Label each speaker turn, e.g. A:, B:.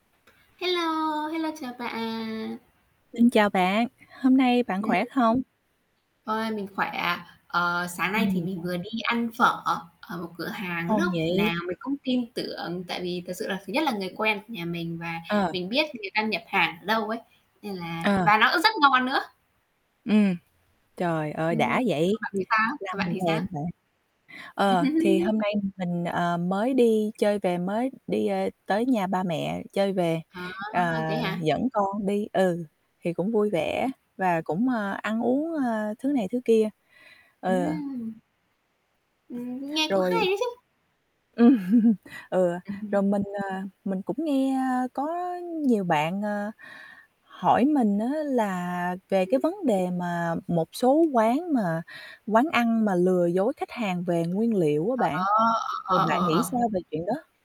A: Hello, hello chào bạn.
B: Xin chào bạn, hôm nay bạn
A: Ừm.
B: khỏe không?
A: Ôi, mình khỏe ạ. Ờ, sáng nay thì
B: Ừm.
A: mình vừa đi ăn phở ở một cửa hàng
B: Ngon
A: lúc
B: nhỉ?
A: nào mình cũng tin tưởng tại vì thật sự là thứ nhất là người quen của nhà mình và
B: Ờ.
A: mình biết người ta nhập hàng ở đâu ấy, nên là
B: Ờ.
A: và nó á rất ngon nữa.
B: Ừm, trời ơi
A: Ừm.
B: đã vậy,
A: Còn bạn thì sao?
B: làm
A: Còn bạn
B: mình
A: thì sao?
B: thèm bạn. Ờ, thì hôm nay mình, ờ, mới đi chơi về, mới đi, ơ, tới nhà ba mẹ chơi về,
A: À,
B: ờ,
A: thế hả?
B: dẫn con đi, ừ, thì cũng vui vẻ và cũng, ơ, ăn uống, ơ, thứ này thứ kia. Ờ.
A: Ừm. Ừm, nghe cũng hay
B: Rồi.
A: đấy chứ!
B: Ừ, ừ,
A: Ừm hứm.
B: rồi mình, à, mình cũng nghe có nhiều bạn, à, hỏi mình á là về cái vấn đề mà một số quán mà quán ăn mà lừa dối khách hàng về nguyên liệu á
A: Ờ,
B: bạn, vậy
A: ờ,
B: bạn
A: ờ,
B: nghĩ
A: ờ.
B: sao về chuyện đó?